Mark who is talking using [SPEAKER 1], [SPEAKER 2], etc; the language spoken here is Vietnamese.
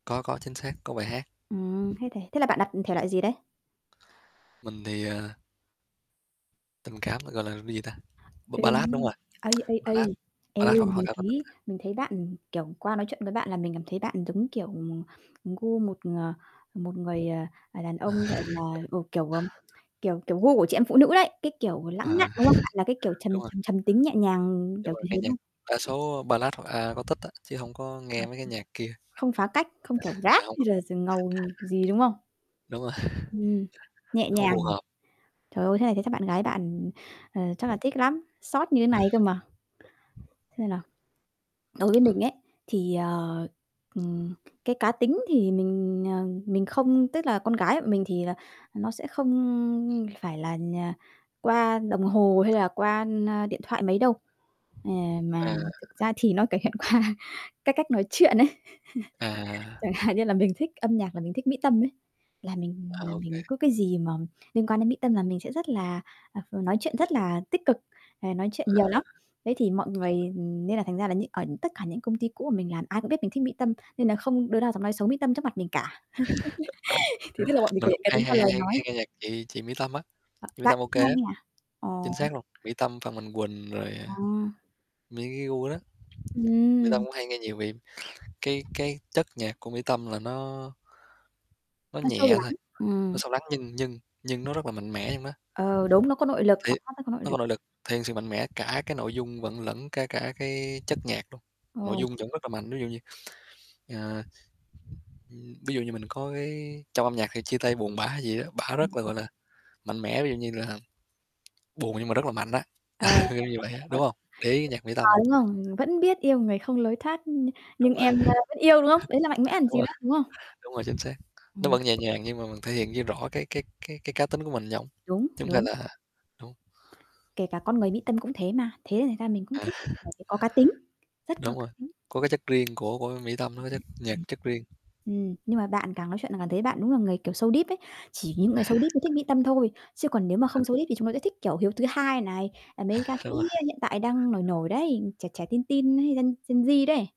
[SPEAKER 1] Có, có, chính xác, có bài hát.
[SPEAKER 2] Ừm, thế thì thế là bạn đặt, ừm, thể loại gì đấy?
[SPEAKER 1] Mình thì, ờ tình cảm ta gọi là là gì ta? B Ballad, đúng
[SPEAKER 2] Êm,
[SPEAKER 1] rồi.
[SPEAKER 2] ây, ây,
[SPEAKER 1] Ballad,
[SPEAKER 2] ây. Eo
[SPEAKER 1] Ballad
[SPEAKER 2] ơi!
[SPEAKER 1] hoặc hoặc
[SPEAKER 2] Mình
[SPEAKER 1] Acoustic.
[SPEAKER 2] thấy mình thấy bạn, ừm, kiểu, qua nói chuyện với bạn là mình cảm thấy bạn giống, kiểu, ừm, gu một ng một người, ờ, à, đàn ông, gọi là ừ, kiểu, ừm, kiểu, kiểu gu của chị em phụ nữ đấy. Cái, kiểu, lãng
[SPEAKER 1] Ờ.
[SPEAKER 2] mạn, đúng không? Bạn là cái kiểu trầm,
[SPEAKER 1] Đúng rồi.
[SPEAKER 2] trầm trầm tính nhẹ nhàng,
[SPEAKER 1] Nhưng
[SPEAKER 2] kiểu,
[SPEAKER 1] mà
[SPEAKER 2] kiểu
[SPEAKER 1] nghe
[SPEAKER 2] thế
[SPEAKER 1] nhạc,
[SPEAKER 2] hông?
[SPEAKER 1] đa số Ballad hoặc Acoustic đó, chứ hổng có
[SPEAKER 2] À,
[SPEAKER 1] nghe
[SPEAKER 2] ờ,
[SPEAKER 1] mấy cái nhạc kia.
[SPEAKER 2] không phá cách, không kiểu
[SPEAKER 1] À,
[SPEAKER 2] rap
[SPEAKER 1] hông,
[SPEAKER 2] hay
[SPEAKER 1] hông.
[SPEAKER 2] là d ngầu gì, đúng không?
[SPEAKER 1] Đúng rồi.
[SPEAKER 2] Ừm. Nhẹ
[SPEAKER 1] Không
[SPEAKER 2] nhàng
[SPEAKER 1] phù
[SPEAKER 2] nhỉ?
[SPEAKER 1] hợp.
[SPEAKER 2] Trời ơi! Thế này thế chắc bạn gái bạn, ừm, ờ, chắc là thích lắm, xót như thế
[SPEAKER 1] Ừ.
[SPEAKER 2] này cơ mà. Xem nào? Đối với
[SPEAKER 1] Ờ.
[SPEAKER 2] mình ấy, thì, ờ, ừm, cái cá tính thì mình, ờ, mình không tức là con gái bọn mình thì là, nó sẽ không phải là nh qua đồng hồ hay là qua, na, điện thoại mấy đâu. È mà
[SPEAKER 1] À.
[SPEAKER 2] thực ra thì nó có hiện qua cái cách nói chuyện ấy.
[SPEAKER 1] À!
[SPEAKER 2] Chẳng hạn như là mình thích âm nhạc là mình thích Mỹ Tâm ấy. Là mình
[SPEAKER 1] À,
[SPEAKER 2] là
[SPEAKER 1] ô kê.
[SPEAKER 2] mình cứ cái gì mà liên quan đến Mỹ Tâm là mình sẽ rất là à, nói chuyện rất
[SPEAKER 1] [unintelligible]
[SPEAKER 2] là tích cực, ờ, nói chuyện
[SPEAKER 1] À.
[SPEAKER 2] nhiều lắm. Thế thì mọi người
[SPEAKER 1] [unintelligible]
[SPEAKER 2] nên là thành ra là những ở tất cả những công ty cũ của mình làm ai cũng biết mình thích Mỹ Tâm, nên là không đứa nào dám nói xấu Mỹ Tâm trước mặt mình cả. Thì tức là bọn mình
[SPEAKER 1] Mà
[SPEAKER 2] thể
[SPEAKER 1] cũng
[SPEAKER 2] cá
[SPEAKER 1] hay
[SPEAKER 2] tính
[SPEAKER 1] hay
[SPEAKER 2] vào
[SPEAKER 1] hay hay
[SPEAKER 2] lời
[SPEAKER 1] hay hay
[SPEAKER 2] nói.
[SPEAKER 1] nghe nhạc chị chị Mỹ Tâm á.
[SPEAKER 2] Ờ,
[SPEAKER 1] Chị Mỹ
[SPEAKER 2] bạn
[SPEAKER 1] Tâm ô
[SPEAKER 2] hay
[SPEAKER 1] kê đó.
[SPEAKER 2] nghe à?
[SPEAKER 1] Chính
[SPEAKER 2] Ồ!
[SPEAKER 1] xác luôn, Mỹ Tâm, Phan Mạnh Quỳnh rồi, ờ,
[SPEAKER 2] Ồ!
[SPEAKER 1] mấy cái gu đó, Mỹ Tâm
[SPEAKER 2] Ừm!
[SPEAKER 1] cũng hay nghe nhiều vì, cái cái chất nhạc của Mỹ Tâm là nó nó
[SPEAKER 2] Nó sâu
[SPEAKER 1] nhẹ thôi,
[SPEAKER 2] lắng.
[SPEAKER 1] nó
[SPEAKER 2] Ừm.
[SPEAKER 1] sâu lắng nhưng nhưng nhưng nó rất là mạnh mẽ trong đó.
[SPEAKER 2] Ờ, đúng, nó có nội lực,
[SPEAKER 1] Thì
[SPEAKER 2] giọng hát nó có nội
[SPEAKER 1] nó
[SPEAKER 2] lực.
[SPEAKER 1] có nội lực, thêm sự mạnh mẽ, cả cái nội dung vẫn lẫn kể cả cái chất nhạc luôn. Nội
[SPEAKER 2] Ồ!
[SPEAKER 1] dung vẫn rất là mạnh ví dụ như, ờ, ừm, ví dụ như mình có cái trong âm nhạc khi chia tay buồn bã hay gì đó, bả rất là,
[SPEAKER 2] Ừm.
[SPEAKER 1] gọi là, mạnh mẽ. Ví dụ như là, buồn nhưng mà rất là mạnh đó,
[SPEAKER 2] Ờ, đại loại
[SPEAKER 1] kiểu như vậy
[SPEAKER 2] là
[SPEAKER 1] đó,
[SPEAKER 2] vậy, [unintelligible] mà
[SPEAKER 1] đúng
[SPEAKER 2] thích.
[SPEAKER 1] hông? Để ý nhạc Mỹ
[SPEAKER 2] À,
[SPEAKER 1] Tâm.
[SPEAKER 2] đúng không? Vẫn biết yêu người không lối thoát nh nhưng
[SPEAKER 1] Đúng rồi.
[SPEAKER 2] em, ơ, vẫn yêu, đúng không? Đấy là mạnh mẽ còn
[SPEAKER 1] Đúng
[SPEAKER 2] gì nữa,
[SPEAKER 1] rồi.
[SPEAKER 2] đúng không?
[SPEAKER 1] Đúng rồi, chính xác.
[SPEAKER 2] Ừm.
[SPEAKER 1] Nó
[SPEAKER 2] Ừm.
[SPEAKER 1] vẫn nhẹ nhàng nhưng mà mình thể hiện de rõ cái cái cái cái cá tính của mình trỏng.
[SPEAKER 2] Đúng,
[SPEAKER 1] Chúng ta
[SPEAKER 2] đúng.
[SPEAKER 1] là Đúng.
[SPEAKER 2] Kể cả con người Mỹ Tâm cũng thế mà, thế là thành ra mình cũng
[SPEAKER 1] À
[SPEAKER 2] thích, bởi vì có cá tính, rất có
[SPEAKER 1] Đúng
[SPEAKER 2] cá
[SPEAKER 1] rồi,
[SPEAKER 2] tính.
[SPEAKER 1] có cái chất riêng của của Mỹ Tâm, nó có chất nhạc, chất riêng.
[SPEAKER 2] [unintelligible] Ừm, nhưng mà bạn càng nói chuyện là càng thấy bạn đúng là người kiểu so deep ấy. Chỉ những người so deep mới thích Mỹ tâm thôi. Chứ còn nếu mà
[SPEAKER 1] Ờ.
[SPEAKER 2] không so deep thì chúng nó sẽ thích kiểu HIEUTHUHAI này, à, mấy ca sĩ,
[SPEAKER 1] Đúng rồi.
[SPEAKER 2] ơ, hiện tại đang nổi nổi đấy, trẻ trẻ, teen teen hay Gen Gen Z đấy.